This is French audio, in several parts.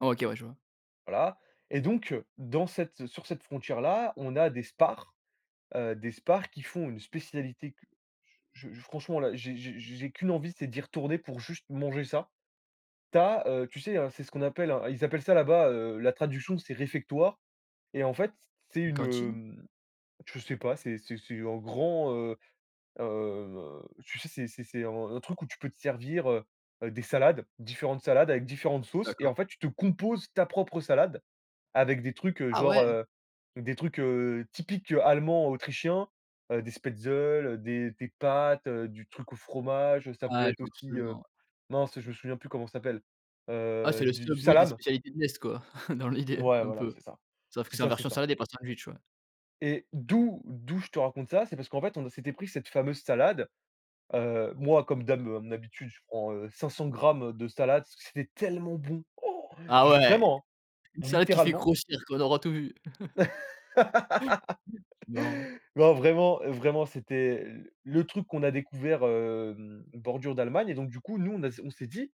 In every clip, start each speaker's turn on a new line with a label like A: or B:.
A: OK. Ouais je vois.
B: Voilà. Et donc dans cette sur cette frontière là, on a des SPAR. Heu, des SPAR qui font une spécialité cu je je franchement là, j'ai j'ai j'ai qu'une envie, c'est d'y retourner pour juste manger ça. Tu as, heu, tu sais, hein, c'est ce qu'on appelle un ils appellent ça là-bas, heu, la traduction, c'est réfectoire. Et en fait, c c'est
A: Une
B: une,
A: cantine?
B: hem, je sais pas, c'est c'est c'est en grand, heu, heu, heu, tu sais, c'est c'est c'est un un truc où tu peux te servir, heu, des salades, différentes salades avec différentes sauces et
A: D'accord.
B: en fait, tu te composes ta propre salade avec des trucs, heu,
A: Ah
B: genre,
A: ouais!
B: heu, des trucs, heu, typiques allemands, autrichiens, heu, des spätzles, des des pâtes, heu, du truc au fromage, heu, ça peut
A: Ouais, je
B: être
A: vois
B: aussi,
A: absolument,
B: heu,
A: ouais.
B: mince je me souviens plus comment ça s'appelle.
A: Ah,
B: Heu
A: c'est le
B: du
A: Subway des
B: salam!
A: spécialités de l'est, quoi, dans l'idée,
B: Ouais,
A: un
B: voilà,
A: peu.
B: c'est ça,
A: Sauf que
B: c'est
A: c'est en
B: ça, c'est
A: version
B: ça
A: salade et pas sandwich, ouais.
B: et d'où d'où je te raconte ça, c'est parce qu'en fait, on s'était pris cette fameuse salade. Heu, moi, comme d'hab à mon habitude, je prends, heu, 500 grammes de salade, parce que c'était tellement bon!
A: Ah
B: Je
A: ouais!
B: vraiment!
A: Une salade qui fait
B: Littéralement!
A: grossir quoi, on aura tout vu! Non.
B: Non, vraiment vraiment, c'était l le truc qu'on a découvert, hem, bordure d'Allemagne et donc du coup, nous on a s on s'est dit: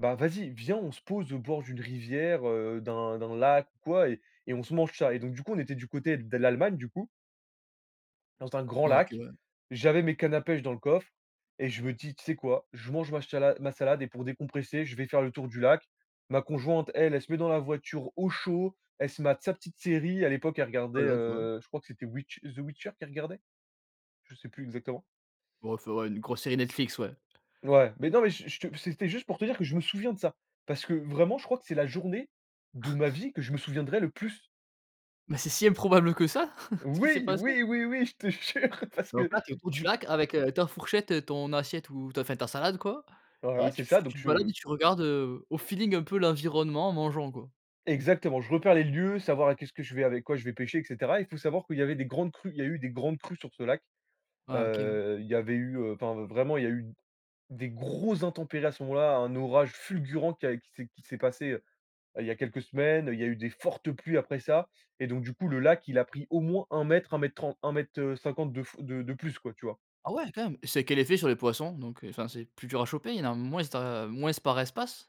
B: «Bah, vas-y, viens, on se pose au bord d'une rivière, heu, d'un d'un lac ou quoi, et et on se mange ça» et donc du coup, on était du côté de l'Allemagne, du coup dans un grand
A: OK
B: lac,
A: ouais.
B: j'avais mes cannes à pêche dans le coffre et je me dis: «Tu sais quoi? Je mange ma chala ma salade et pour décompresser, je vais faire le tour du lac». Ma conjointe, elle, elle se met dans la voiture au chaud, elle se mate sa petite série, à l'époque elle
A: Petite
B: regardait,
A: balade, ouais.
B: heu, je crois que c'était, Witch The Witcher, qu'elle regardait. Je sais plus exactement.
A: Bah, il faudrait une grosse série Netflix, ouais.
B: Ouais, mais non, mais je je te c'était juste pour te dire que je me souviens de ça! Parce que vraiment je crois que c'est la journée de ma vie que je me souviendrai le plus!
A: Mais c'est si improbable que ça, ce qui s'est
B: Oui,
A: passé?
B: oui, oui, oui, je te jure parce
A: Donc
B: que,
A: là tu es autour du
B: du coup
A: lac avec, heu, ta fourchette, ton assiette ou ta enfin, ta salade quoi
B: Voilà
A: et
B: c'est
A: tu
B: ça, donc
A: tu te balades
B: je
A: et tu regardes, heu, au feeling, un peu, l'environnement en mangeant, quoi.
B: Exactement! Je repère les lieux, savoir a qu'est-ce que je vais avec quoi je vais pêcher et cetera. Il faut savoir qu'il y avait des grandes crues il y a eu des grandes crues sur ce lac.
A: Ah OK, ouais.
B: Heu, il y avait eu enfin vraiment il y a eu d des grosses intempéries à ce moment-là, un orage fulgurant qui a qui s'est qui s'est passé, heu, il y a quelques semaines, il y a eu des fortes pluies après ça, et donc du coup, le lac, il a pris au moins 1 m, 1 m tren 1 m, heu, 50 de f de de plus, quoi, tu vois?
A: Ah ouais, quand même! C'est quel effet sur les poissons? Donc heu, enfin, c'est plus dur à choper? Il y en a moins ce da moins par espace?